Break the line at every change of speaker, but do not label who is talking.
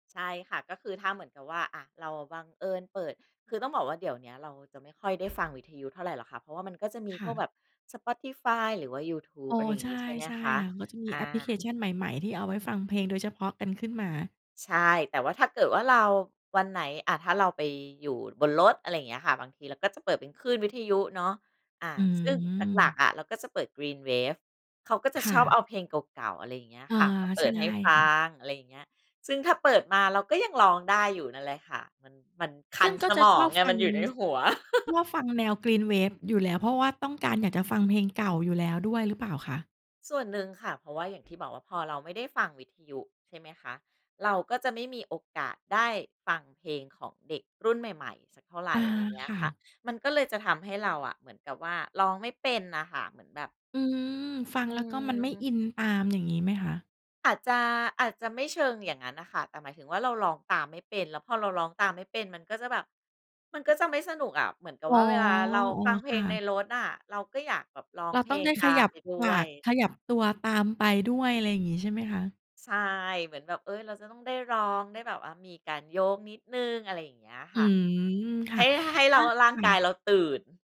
ใช่ค่ะ ก็คือถ้าเหมือนกับว่า อา เราอะบังเอิญเปิด คือต้องบอกว่าเดี๋ยวเนี้ยเราจะไม่ค่อยได้ฟังวิทยุเท่าไรหรอกค่ะ เพราะว่ามันก็จะมี
ค
พ
่
วกแ
ะ
บบ Spotify หรือว่ายูทูบ
อ๋อ
อะไรอย่า
ใ
ง
ช
ง
่
ี้ใช่ไหม
ใช่
คะ?
ค่ะ ก็จะมี
อ
แอปพลิเค
า
ชันใหม่ ๆ ที่เอาไว้ฟังเพลงโดยเฉพาะกันขึ้นมา
ใช่ แต่ว่าถ้าเกิดว่าเรา วันไหน อา ถ้าเราไปอยู่บนรถ อะไรอย่างเงี้ยค่ะ บางทีเราก็จะเปิดเป็นคลื่นวิทยุเนาะ อา
อื
ซึ่งหลั
ม
ก ๆ อะ เราก็จะเปิด Green wave เขาก็จะ
ค่
ชอบ
ะ
เอาเพลงเก่า ๆ อะไรอย่างเงี้ย
อา
ค่ะ มาเป
ใ
ิ
ช่
ดให้ฟ
ค
ั
่ะ
ง อะไรอย่างเงี้ย ซึ่งถ้าเปิดมาเราก็ยังร้องได้อยู่นั่นแหละค่ะ มัน มันค
ซ
ั
ึ่
น
งก
ส
็จะ
มอ
ช
ง
อบ
ไง
ฟั
มัน
ง
อยู่ในหัว
ชอบฟังแนว Green wave อยู่แล้ว เพราะว่าต้องการอยากจะฟังเพลงเก่าอยู่แล้วด้วย หรือเปล่าคะ?
ส่วนหนึ่งค่ะ เพราะว่าอย่างที่บอกว่าพอเราไม่ได้ฟังวิทยุใช่ไหมคะ เราก็จะไม่มีโอกาสได้ฟังเพลงของเด็กรุ่นใหม่ ๆ สักเท่าไร
อา
อะไรเงี้
ค
ย
่
ค
ะ
่ะ มันก็เลยจะทำให้เราอะเหมือนกับว่าร้องไม่เป็นน่ะค่ะ เหมือนแบบ
อืม ฟั
อ
ง
ื
แล้วก็มันไม่
ม
อินตาม อย่างงี้ไหมคะ?
อาจจะ อาจจะไม่เชิงอย่างงั้นน่ะค่ะ แต่หมายถึงว่าเราร้องตามไม่เป็น แล้วพอเราร้องตามไม่เป็น มันก็จะแบบ มันก็จะไม่สนุกอะ เหมือนกับ
อ๋อ
ว่าเวลาเรา
อ๋อ
ฟังเพ
ค
ล
่
งใน
ะ
รถน่ะเราก็อยากแบบร้อ
เ
ง
รา
เพ
ต้
ล
อง
ง
ได้
ต
ข
า
ย
ม
ั
ไ
บ
ปด้
ป
ว
าก
ย
ขยับตัวตามไปด้วย อะไรอย่างงี้ใช่ไหมคะ?
ใช่ เหมือนแบบ เอ๊ย เราจะต้องได้ร้อง ได้แบบว่ามีการโยกนิดหนึ่ง อะไรอย่างเงี้ย
อ
ค
ื
่ะ
ม ค
ใ
่
ห
ะ
้ ให้เ
อ
รา
า
ร่า
ค
ง
่
กา
ะ
ยเราตื่น